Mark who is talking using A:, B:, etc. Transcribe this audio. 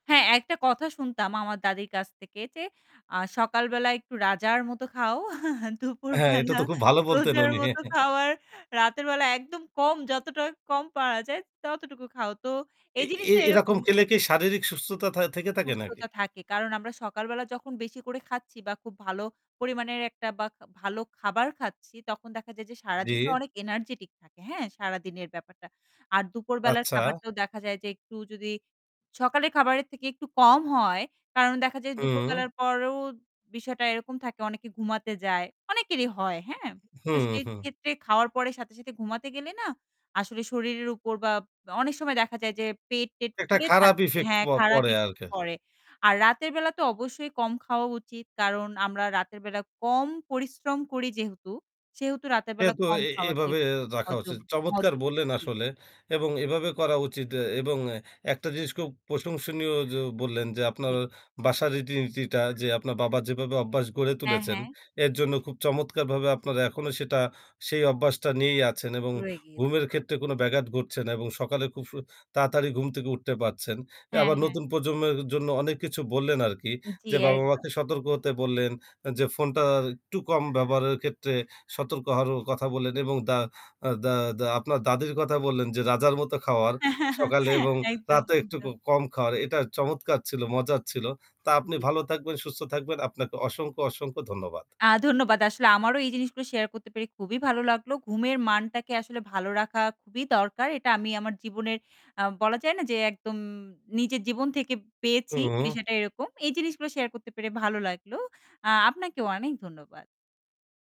A: হ্যাঁ, একটা কথা শুনতাম আমার দাদীর কাছ থেকে যে, আ সকাল বেলা একটু রাজার মত খাও,
B: হ্যাঁ, এটা
A: দুপুরবেলা
B: তো খুব ভালো বলতেন
A: রোজার
B: উনি।
A: মত খাও আর রাতের বেলা একদম কম যতটা কম পাওয়া যায় ততটুকু খাও। তো এই
B: এ এ
A: জিনিসটা এরকম।
B: এরকম খেলে কি শারীরিক সুস্থতা থা থেকে থাকে নাকি?
A: সুস্থতা থাকে কারণ আমরা সকালবেলা যখন বেশি করে খাচ্ছি বা খুব ভালো পরিমাণের একটা বা ভালো খাবার খাচ্ছি তখন দেখা যায় যে
B: জি।
A: সারাদিনটা অনেক এনার্জিটিক থাকে। হ্যাঁ, সারাদিনের ব্যাপারটা। আর দুপুরবেলার
B: আচ্ছা।
A: খাবারটাও দেখা যায় যে একটু যদি সকালের খাবারের থেকে একটু কম হয় কারণ দেখা যায়
B: হু।
A: দুপুরবেলার পরও বিষয়টা এরকম থাকে অনেকে ঘুমাতে যায়। অনেকেরই হয় হ্যাঁ, তো
B: হুম,
A: সেই
B: হুম।
A: ক্ষেত্রে খাওয়ার পরে সাথে, সাথে ঘুমাতে গেলে না আসলে শরীরের উপর বা অনেক সময় দেখা যায় যে পেট-টেট
B: একটা
A: ফুলে
B: খারাপ
A: থাকছে,
B: effect
A: হ্যাঁ,
B: প
A: খারাপ
B: পড়ে
A: effect
B: আরকি।
A: পরে। আর রাতের বেলা তো অবশ্যই কম খাওয়া উচিত। কারণ আমরা রাতের বেলা কম পরিশ্রম করি যেহেতু, সেহেতু রাতের
B: এ
A: বেলা
B: তো
A: কম
B: এ
A: খাওয়াটাই
B: এভাবে রাখা উচিত।
A: হজম।
B: চমৎকার বললেন,
A: [unintelligible]
B: আসলে এবং এভাবে করা উচিত এ এবং একটা জিনিস খুব প্রশংসনীয় য বললেন, যে আপনার
A: জি।
B: বাসার রীতিনীতিটা যে আপনার বাবা যেভাবে অভ্যাস গড়ে
A: হ্যাঁ,
B: তুলেছেন,
A: হ্যাঁ।
B: এরজন্য খুব চমৎকারভাবে আপনারা এখনো সেটা সেই অভ্যাসটা নিয়েই আছেন এবং
A: ট্যুরে গিয়েছি।
B: ঘুমের ক্ষেত্রে কোন ব্যাঘাত ঘটছে না এবং সকালে খুব সু তাড়াতাড়ি ঘুম থেকে উঠতে পারছেন।
A: হ্যাঁ,
B: আবার
A: হ্যাঁ।
B: নতুন প্রজন্মের জন্য অনেক কিছু বললেন, আরকি।
A: জি
B: যে
A: একদম।
B: বাবা-মাকে সতর্ক হতে বললেন, যে ফোনটা আর একটু কম ব্যবহারের ক্ষেত্রে সতর্ক হওয়ারও কথা বললেন, এবং দা আ দা দা আপনার দাদীর কথা বললেন, যে রাজার মতো খাওয়ার। সকালে এবং
A: একদম,
B: রাতে একটু ক
A: একদম।
B: কম খাওয়ার এটা চমৎকার ছিল, মজার ছিল। তা আপনি
A: জি।
B: ভালো থাকবেন, সুস্থ থাকবেন, আপনাকে অসংখ্য, অসংখ্য ধন্যবাদ।
A: আ ধন্যবাদ। আসলে আমারও এই জিনিসগুলো শেয়ার করতে পেরে খুবই ভালো লাগলো। ঘুমের মানটাকে আসলে ভালো রাখা খুবই দরকার। এটা আমি আমার জীবনের আ বলা যায় না যে একদম নিজের জীবন থেকে পেয়েছি।
B: হুম।
A: বিষয়টা এরকম। এই জিনিসগুলো শেয়ার করতে পেরে ভালো লাগলো। আ আপনাকেও অনেক ধন্যবাদ।